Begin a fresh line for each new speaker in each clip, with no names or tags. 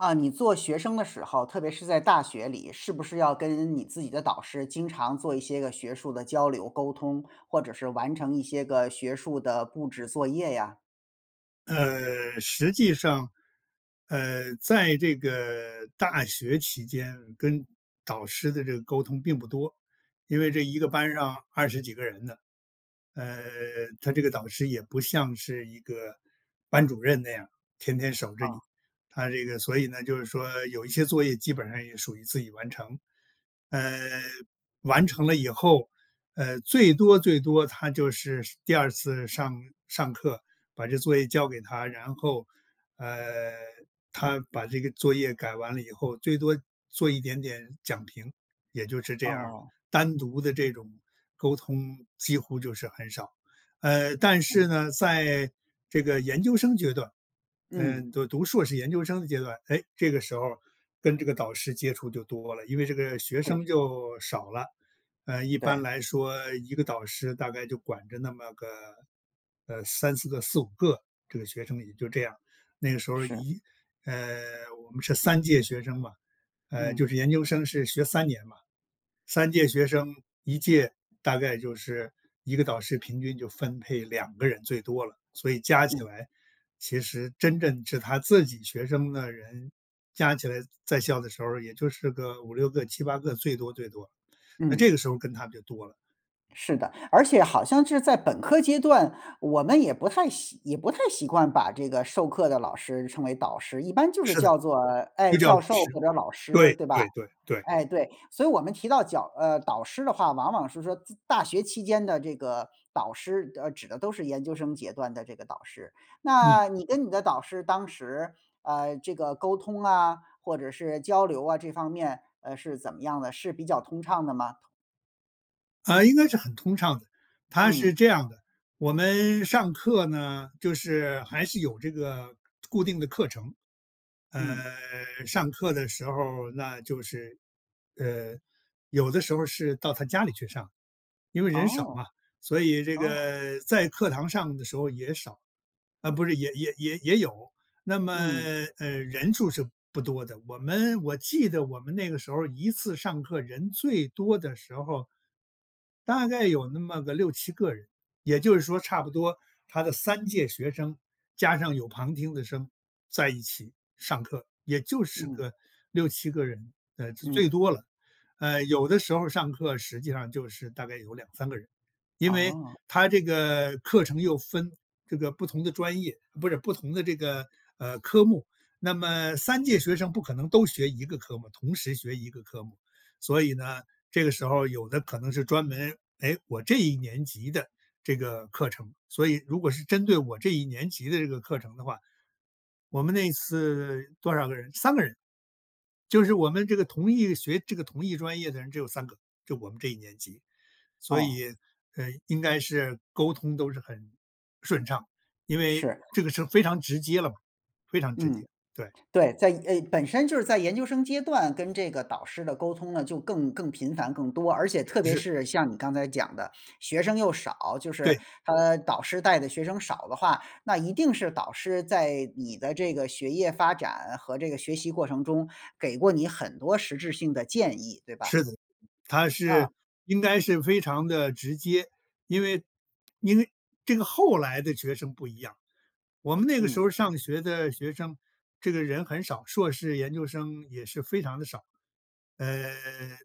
啊，你做学生的时候，特别是在大学里，是不是要跟你自己的导师经常做一些个学术的交流沟通，或者是完成一些个学术的布置作业呀？
呃，实际上，呃，在这个大学期间跟导师的这个沟通并不多，因为这一个班上20几个人的。呃，他这个导师也不像是一个班主任那样，天天守着你，
啊。
他这个所以呢，就是说有一些作业基本上也属于自己完成。呃，完成了以后，呃，最多最多他就是是第2次上上课把这作业交给他，然后，呃，他把这个作业改完了以后，最多做一点点讲评，也就是这样儿。单独的
哦，是。
这种沟通几乎就是很少。呃，但是
嗯。
呢，在这个研究生阶段，
嗯。
嗯，就读硕士研究生的阶段，诶，这个时候跟这个导师接触就多了。因为这个学
是。
生就少了，呃，一般
对。
来说一个导师大概就管着那么个，呃，3-4个、4-5个，这个学生也就这样。那个时候
是。
一呃，我们是3届学生嘛，呃，就
嗯。
是研究生是学3年嘛，3届学生，1届大概就是一个导师平均就分配2个人最多了，所以加起
嗯。
来其实真正是他自己学生的人加起来在校的时候也就是个5-6个、7-8个，最多最多，那这
嗯。
个时候跟他就多了。
是的，而且好像是在本科阶段，我们也不太习也不太习惯把这个授课的老师称为导师，一般就是
是的，
叫做，哎，
就叫老
教授
师，
或者老师
对，
对吧？
对，对，对。
哎，对，所以我们提到脚呃，导师的话，往往是说自大学期间的这个导师呃，指的都是研究生阶段的这个导师。
嗯。
那你跟你的导师当时，呃，这个沟通啊，或者是交流啊，这方面，呃，是怎么样的，是比较通畅的吗？
诶，应该是很通畅的。他是
嗯。
这样的，我们上课呢就是还是有这个 固定的课程。呃，
嗯。
上课的时候儿那就是，呃，有的时候儿是到他家里去上，因为人少
哦，
嘛，所以这
哦。
个在课堂上的时候也少，啊，不是，也也也也有，那么，
嗯。
呃，人数是不多的。我们我记得我们那个时候儿一次上课人最多的时候儿大概有那么个6-7个人，也就是说差不多他的3届学生加上有旁听的生在一起上课，也就是
嗯。
个6-7个人，呃，是最
嗯。
多了。呃，有的时候儿上课实际上就是大概有2-3个人，因为
哦。
他这个课程又分这个不同的专业，不是不同的这个，呃，科目。那么3届学生不可能都学1个科目同时学1个科目。所以呢，这个时候有的可能是专门，诶，我这一年级的这个课程，所以如果是针对我这一年级的这个课程的话，我们那一次多少个人3个人，就是我们这个同一学这个同一专业的人只有3个，就我们这一年级。所
哦。
以，呃，应该是沟通都是很顺畅，因为
是。
这个是非常直接了嘛，非常直接，
嗯，
对。
对，在呃，本身就是在研究生阶段跟这个导师的沟通呢，就更更频繁、更多，而且特别
是。
是像你刚才讲的，学生又少，就是
对。
他导师带的学生少的话，那一定是导师在你的这个学业发展和这个学习过程中，给过你很多实质性的建议，对吧？
是的，他
啊。
是应该是非常地直接，因为，因为这个后来的学生不一样。我们那个时
嗯。
候上学的学生这个人很少，硕士研究生也是非常地少，呃，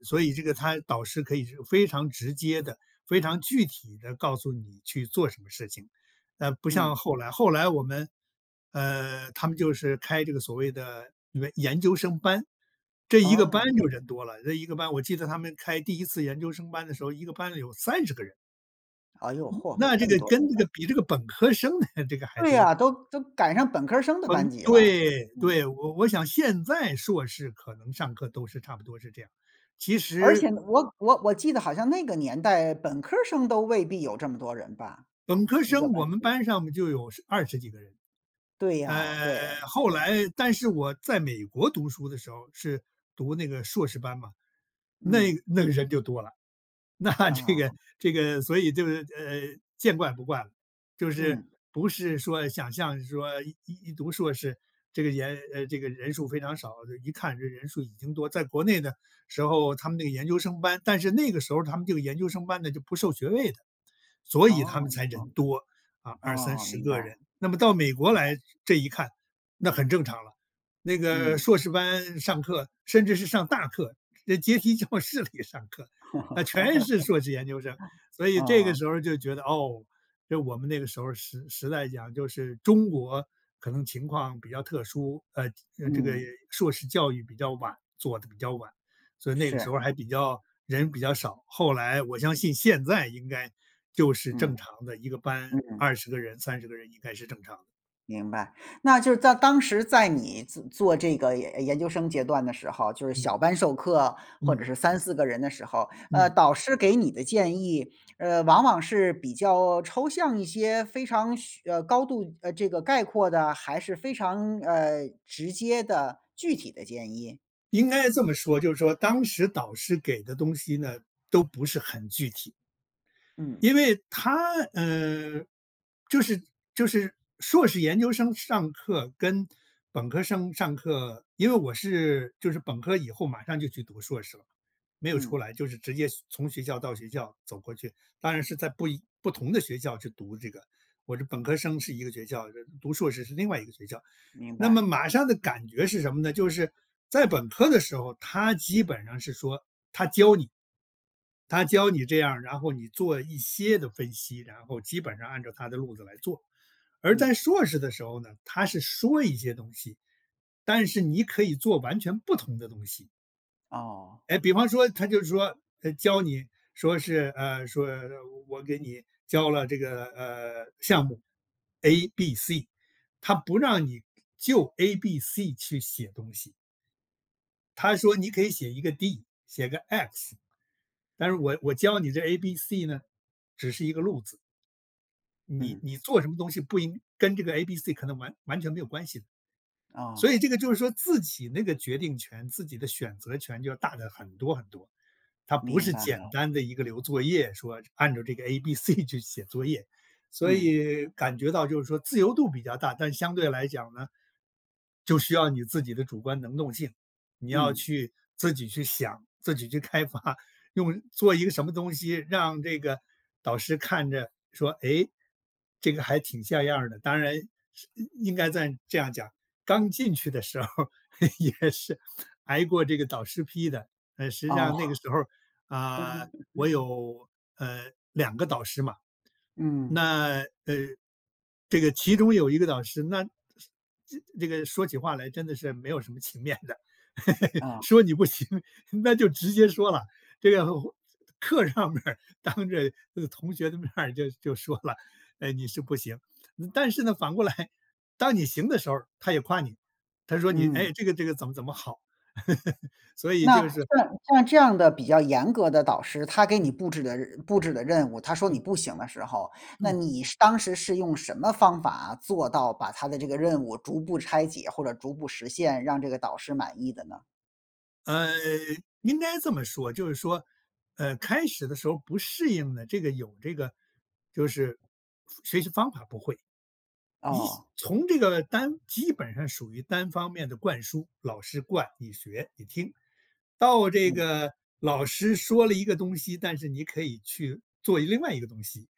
所以这个他导师可以是非常直接地、非常具体地告诉你去做什么事情，呃，不像
嗯。
后来。后来我们，呃，他们就是开这个所谓的研研究生班。这1个班
哦。
就人多了，这1个班我记得他们开第1次研究生班的时候，一个班里有30个人。
哎哟，嚯，
那
这
这
么
个
多人
跟这
啊。
个比这个本科生的这个还
对
多。
啊，都都赶上本科生的班
嗯，
级了。
对，
嗯。
对，我我想现在硕士可能上课都是差不多是这样，其
而
实
且呢，我我我记得好像那个年代，本科生都未必有这么多人吧，
本科
一
生
个
我
班
们
级。
班上面就有1020几个人。
对呀，
呃，
对，
后
对。
来但是我在美国读书的时候是读那个硕士班嘛，那
嗯。
那个人就多了，那这
啊。
个，这个所以就是，呃，见怪不怪了，就是
嗯。
不是说想象说一一读硕士，这个研呃，这个人数非常少，这一看这人数已经多在国内的时候他们那个研究生班但是那个时候他们这个研究生班呢，就不授学位的，所以他们
哦，
才
哦，
人多，啊，二三
哦，
十
明白。
个人。那么到美国
明
来
白。
这一看，那很正常了，那个
嗯。
硕士班上课，甚至是上大课，在阶梯教室里上课，那全是硕士研究生，所以这个
哦。
时候就觉得，哦，就我们那个时候，时时代讲就是中国可能情况比较特殊，呃，呃这个
嗯。
硕士教育比较晚，做的比较晚。所以那个时
是。
候儿还比较人比较少，后来我相信现在应该就是正
嗯。
常的一个班，
嗯。
20个人，30个人应该是正常的。
明白，那就是在当时在你做做这个研研究生阶段的时候，就是小
嗯。
班授课或者
嗯。
是3-4个人的时候，呃，
嗯。
导师给你的建议，呃，往往是比较抽象一些，非常需呃，高度这个概括的，还是非常呃，直接的具体的建议？
应该这么说，就是说当时导师给的东西呢，都不是很具体。
嗯。
因为他，嗯，就是就是硕士研究生上课跟本科生上课，因为我是就是本科以后马上就去读硕士了，没有出
嗯。
来，就是直接从学校到学校走过去。当然是在不一不同的学校去读这个，我是本科生是一个学校，这读硕士是另外一个学校，
明
那么
白。
马上的感觉是什么呢？就是在本科的时候，他基本上是说，他教你，他教你这样，然后你做一些的分析，然后基本上按照他的路子来做。而在
嗯。
硕士的时候呢，他是说一些东西，但是你可以做完全不同的东西。
哦。
诶，比方说，他就说，呃，教你说是，呃，说：“我给你教了这个，呃，项目 A、B、C。” 他不让你就 A、B、C 去写东西。他说：“你可以写一个 D、写个 X，但是我我教你这 A、B、C 呢，只是一个路子。”你
嗯，
你做
这
什么东西不应跟这个 A、B、C 可能完完全没有关系的。
哦。
所以这个就是说自己那个决定权、自己的选择权就大得很多很多，它不
明
是
白
简
了。
单的一个留作业说这按照这个 A、B、C 去写作业，所
嗯。
以感觉到就是说自由度比较大。但相对来讲呢，就需要你自己的主观能动性，你要
嗯。
去自己去想、自己去开发。用做一个什么东西，让这个导师看着说：“诶，这个还挺像样儿的。”当然是嗯，应该在这样讲-刚进去的时候儿，也是挨过这个导师批的。呃，实际上那个
哦。
时候儿，啊，我 有，呃，2个导师嘛。
嗯。
那，呃，这个其中有一个导师，那是这这个说起话来真的是没有什么情面的，
哦。
说你不行，那就直接说了，这个或课上面儿当着那个同学的面儿就就说了：“哎，你是不行。”呃但是呢，反过来，当你行的时候他也夸你，他说你：
嗯。
“诶，这个，这个怎么怎么好。” 所以
那
就是
像像这样的比较严格的导师，他给你
嗯。
布置的任布置的任务，他说你
嗯。
不行的时候，那
嗯。
你是当时是用什么方法做到把他的这个任务逐步拆解或者逐步实现，让这个导师满意的呢？
呃，应该这么说，就是说，呃，开始的时候不适应的这个有这个就是方学习方法不会。一
哦。
从这个单基本上属于单方面的灌输，老师灌，你学、你听，到这
嗯。
个老师说了一个东西，但是你可以去做另外一个东西。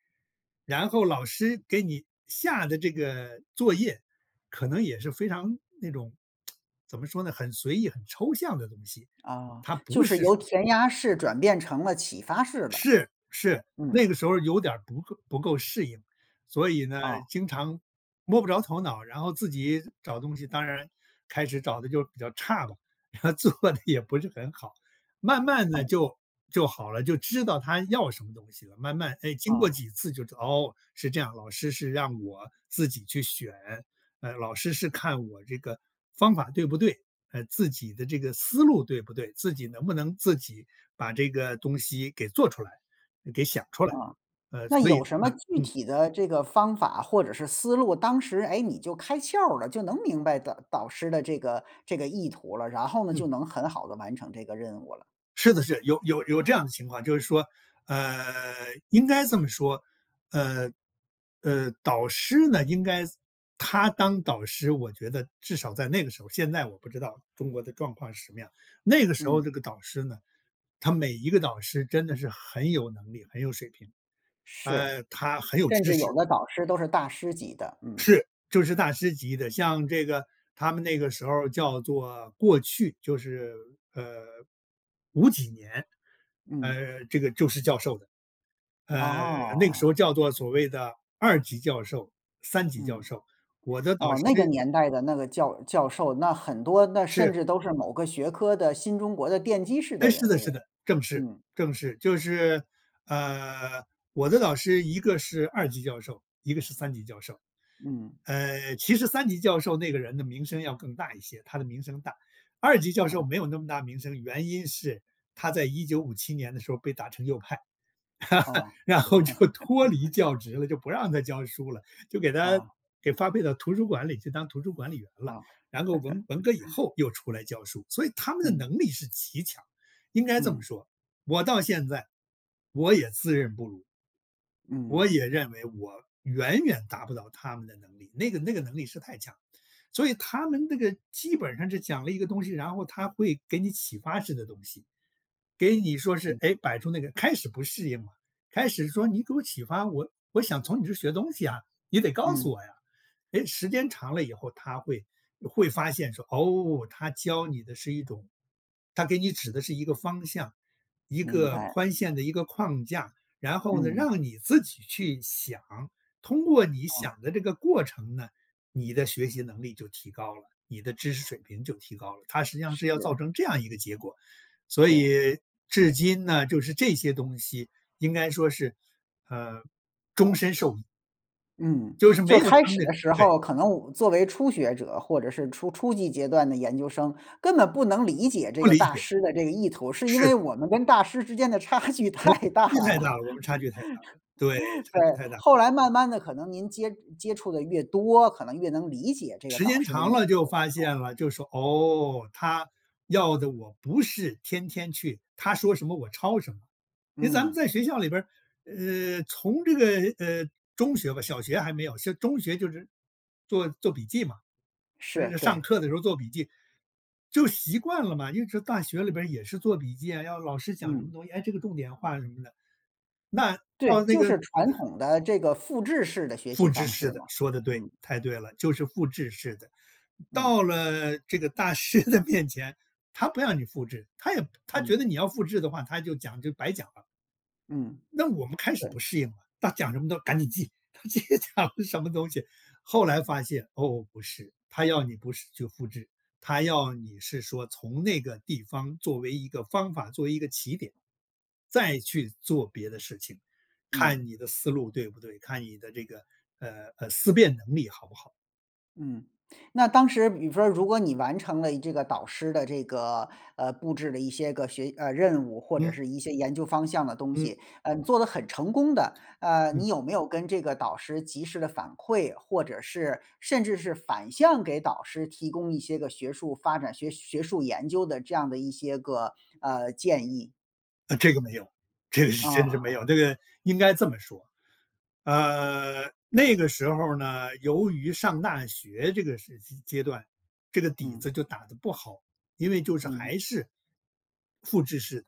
然后老师给你下的这个作业可能也是非常那种，怎么说呢，很随意、很抽象的东西，
啊，
它不
就是
是说
由填鸭式转变成了启发式的，
是，是，
嗯。
那个时候有点儿不不够适应。所以呢，
哦。
经常摸不着头脑，然后自己找东西，当然开始找得就比较差了，然后做的也不是很好。慢慢地
嗯。
就就好了，就知道他要什么东西了。慢慢，哎，经过
啊。
几次就知道，哦，是这样，老师是让我自己去选，呃，老师是看我这个方法对不对，呃，自己的这个思路对不对，自己能不能自己把这个东西给做出来、给想出来，
啊，
呃，
那
所以
有什么
吗
具
嗯。
体的这个方法或者是思路，当时，诶，你就开窍儿了，就能明白导导师的这个这个意图了，然后呢，就
嗯。
能很好地完成这个任务了。
是的，是，有有有这样的情况，就是说，呃，应该这么说，呃，呃，导师呢，应该他当导师，我觉得至少在那个时候现在我不知道中国的状况是什么样，那个时候
嗯。
这个导师呢，他每一个导师真的是很有能力、很有水平，
是，
呃，他很有
甚
知
至有
识。
的导师都是大师级的，嗯。
是，就是大师级的。像这个他们那个时候叫做过去，就是，呃，5几年，
嗯。
呃，这个就是教授的。呃，那个时
哦。
候叫做所谓的二级教授，三级教
嗯，
授，我的导
哦，那个
师
年代的那个教教授，那很多那甚
是。
至都是某个学科的新中国的奠基式的
哎，是
人
的是
物，
的，正是，
嗯。
正是。就是，呃，我的导师一个是二级教授，一个是三级教授。
嗯。
呃，其实三级教授那个人的名声要更大一些，他的名声大，二级教授
嗯。
没有那么大名声，原因是他在1957年的时候儿被打成右派，
哦。
然后就脱离 教职了，就不让他教书了，就给他
哦。
给发配到图书馆里去当图书管理员
啊。
了，然后文文革以 后又出来教书，所以他们的
嗯。
能力是极强。应该这么
嗯。
说，我到现在我也自认不如，我
嗯。
也认为我远远达不到他们的能力，那个那个能力是太强。所以他们那个基本上是讲了一个东西，然后他会给你启发式的东西，给你说是，
嗯。
诶，摆出那个开始不适应了，开始说：“你给我启发，我我想从你这学东西啊，你得告
嗯。
诉我呀。”诶，时间长了以后他会呃会发现说，哦，他教你的是一种他给你指的是一个方向，一
明
个
白。
宽限的一个框架，然后呢，
嗯。
让你自己去想，通过你
嗯。
想的这个过程呢，你的学习能力就提高了，你的知识水平就提高了，他实际上是要
是。
造成这样一个结果。所
对。
以至今呢，就是这些东西应该说是，呃，终身受益。
嗯，
就是没
就是
有
开
他们
始
这
的时
对。
候，可能我们作为初学者或者是初初级阶段的研究生，根本不能理解这
不
个
理
大
解，
师的这个意图，是因
是
为
的。
我们跟大师之间的差距
我们
太
差
大
距太
了。
大了，我们差距太大了，对，差
对，
距太大。
后来慢慢地可能您接接触的越多，可能越能理解这个
时
导
间
师的
长
意
了
图，
就发现
嗯。
了就说，哦，他要的我不是天天去他说什么我抄什么。因为咱们
嗯。
在学校里边，呃，从这个呃，中学吧，小学还没有，现中学就是做做笔记嘛，就
是，
是上
对。
课的时候做笔记就习惯了嘛，因为大学里边儿也是做笔记啊，要老师讲什么
嗯。
东西，哎，这个重点画什么的。那
对，
到那
就
个
是传统的这个复制式的学习
复制
方
式
式
的
嘛，
说得对，
嗯。
太对了，就是复制式的，
嗯。
到了这个大师的面前，他不让你复制，他也他觉得
嗯。
你要复制的话，他就讲就白讲了。
嗯，
那我们开始
对。
不适应了，他讲什么都赶紧记，他讲了什么东西，后来发现，哦，不是，他要你不是去复制。他要你是说从那个地方作为一个方法，作为一个起点，再去做别的事情，看
嗯。
你的思路对不对？看你的这个呃，呃，思辨能力好不好？
嗯，那当时比方 如果你完成了一这个导师的这个，呃，布置了一些个学呃，任务，或者
嗯。
是一些研究方向的东
嗯。
西，呃，你做得很成功的，呃，你
嗯。
有没有跟这个导师及时地反馈，或者是甚至是反向给导师提供一些个学术发展、学学术研究的这样的一些个，呃，建议？
呃，这个没有，这个是真是没
啊。
有。这个应该这么说，呃，那个时候呢，由于上大学这个时期阶段，这个底
嗯。
子就打得不好，因为就是
嗯。
还是复制式，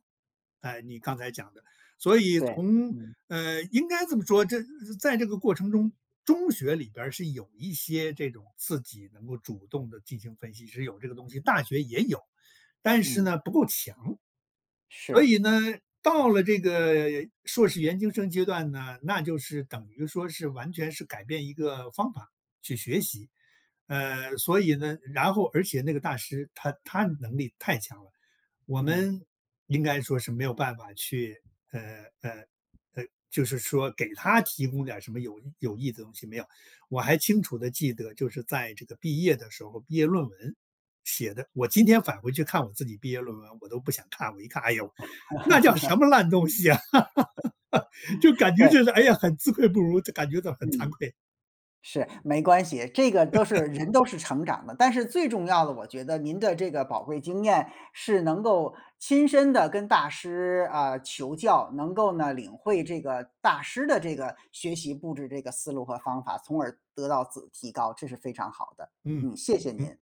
哎，你刚才讲的。所
就
以
对，
从，
嗯。
呃，应该这么说，这呃在这个过程中，中学里边儿是有一些这种自己能够主动地进行分析，是有这个东西，大学也有，但是
嗯。
呢，不够强。所
是。
以呢，到了这个硕士研究生阶段呢，那就是等于说是完全是改变一个方法去学习。呃，所以呢，然后而且那个大师他他能力太强了，我
嗯。
们应该说是没有办法去，呃，呃，呃，就是说给他提供点儿什么有有益的东西，没有。我还清楚地记得就是在这个毕业的时候，毕业论文写得我今天返回去看我自己毕业论文，我都不想看，我一看，哎呦，那叫什么烂东西啊。就感觉
对。
就是，哎呀，很自愧不如，就感觉到很惭
嗯。
愧。
是，没关系，这个都是人都是成长的。但是最重要的我觉得您的这个宝贵经验是能够亲身地跟大师，啊，求教，能够呢，领会这个大师的这个学习布置这个思路和方法，从而得到自提高，这是非常好的。
嗯，
嗯，谢谢
嗯。
您。